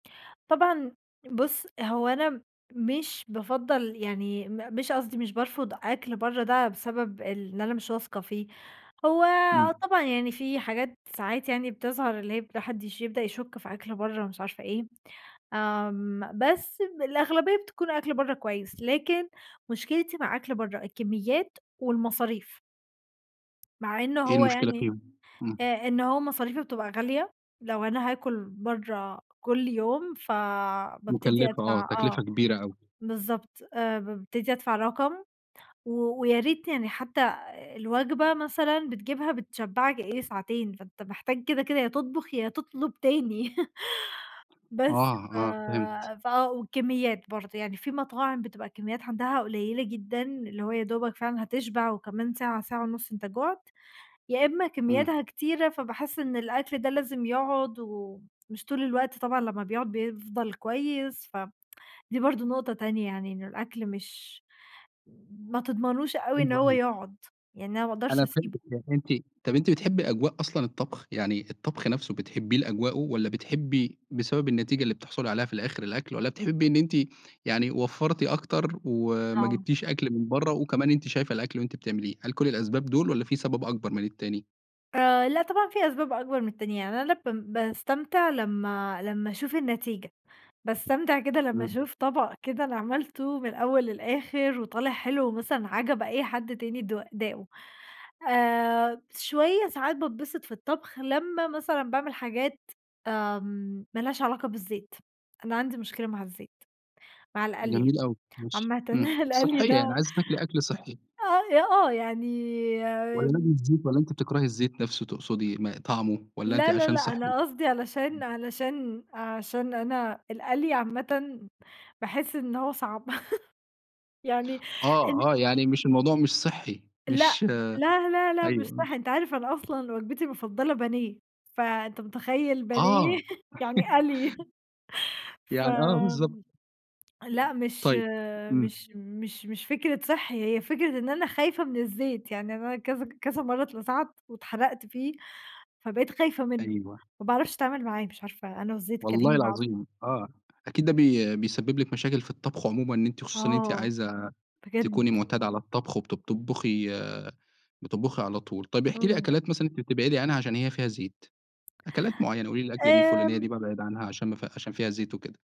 طبعًا بُصّ هو أنا مش بافضّل يعني م مش قصدي مش بارفض أكل برّه ده بسبب إن أنا مش واثقة فيه، هو آه إمم. طبعًا يعني في حاجات ساعات يعني بتظهر اللي هي ما حدش يبدأ يشُكّ في أكل برّه، مش عارفة إيه آمم، بس الأغلبية بتكون أكل برّه كويّس، لكن مشكلتي مع أكل برّه الكميّات والمصاريف. مع إنّه إيه هو المشكلة يعني فيهم؟ إمم. آآ، إن هو مصاريفُه بتبقى غالية، لو أنا هاكل برّه كل يوم، فبابتدي مكلفّة آه، أدفع آه تكلفّة كبيرة أوي. بالضبط، آآ، بابتدي أدفع رقم، و وياريت يعني حتّى الوجبة مثلًا بتجيبها بتشبّعك إيه، ساعتين، فأنت محتاج كده كده يا تطبخ، يا تطلب تاني، بس آه، ف آه فهمت. ف آه، والكميّات برضه يعني في مطاعم بتبقى الكميّات عندها قليّلة جدًا، اللي هو يادوبك فعلًا هتشبع وكمان ساعة ساعة ونُصّ أنت جُعت، يا إمّا إمم. كميّاتها كتيرة فباحس إن الأكل ده لازم يقعد، ومش طول الوقت طبعًا لمّا بيقعد بيفضل كويس، ف دي برضه نقطة تانية، يعني إنّه الأكل مش ما تضمنوش أوي إن أيوه، هو أيوه. يقعد، يعني أنا ما أقدرش أنا أسيبُه. فهمتِك يعني أنتِ طَب أنتِ بتحبي أجواء أصلًا الطبخ؟ يعني الطبخ نفْسه بتحبيه لأجواؤه والَّا بتحبي بسبب النتيجة اللي بتحصُلي عليها في الآخر الأكل، والَّا بتحبي إن أنتِ يعني وفرّتِ أكتر، وما آه. جِبتيش أكل من برّه، وكمان أنتِ شايفة الأكل وأنتِ بتعمليه، هل كُلّ الأسباب دول والَّا في سبب أكبر من التاني؟ آآ، لأ طبعًا في أسباب أكبر من التانية، يعني أنا لمّا ب باستمتع لمّا لمّا أشوف النتيجة، باستمتع كده لمّا إمم. أشوف طَبَق كده أنا عملتُه من الأوّل للآخر، وطالع حلو ومثلًا عَجَب أي حد تاني، د داقه آآ، شويّة ساعات باتبسط في الطبخ، لمّا مثلًا باعمل حاجات آآ، مالهاش علاقة بالزيت، أنا عندي مشكلة مع الزيت، مع القلي جميل أوي، ماشي عامةً، إمم، القلي ده صحيّة، يعني آه عايزة تاكلي أكل صحّي. أ آه يعني والَّا لازم آمم. الزيت؟ والَّا أنتِ بتكرهي الزيت نفْسه تقصدي، ما طعمُه والَّا أنتِ لا، لا، عشان لأ صحّي؟ أنا امم. قصدي علشان علشان عشان أنا القلي عامةً، باحس إن هو صعب يعني إن آه آه يعني مش الموضوع مش صحّي، لأ، مش لا لا لأ مش أيوه صح، آه. أنت عارف أنا أصلًا وجبتي المفضلة بانيه فأنت متخيّل بانيه آه. يعني قَلْي، ف يعني، آه بالضبط. لأ مش طيب، إمم. مش مش مش فكرة صحّي، هي فكرة إن أنا خايفة من الزيت، يعني أنا كذا كذا مرّة اتلسعت، واتحرقت فيه فبقيت خايفة منّه، أيوه. ما باعرفش أتعامل معاه، مش عارفة أنا والزيت والله كارهين بعض. العظيم، آه أكيد ده بي بيسبب لِك مشاكل في الطبخ عمومًا، إن أنتِ خصوصًا إن أنتِ آه، عايزة بجد. تكوني معتادة على الطبخ، وبت بتطبخي بتطبخي على طول، طيّب احكِ لي إمم. أكلات مثلًا أنت بتبعدي عنها عشان هي فيها زيت، أكلات معيّنة، قولي لي الأكلة دي الفلانيّة دي آمم بابعد عنها عشان ما عشان فيها زيت وكده.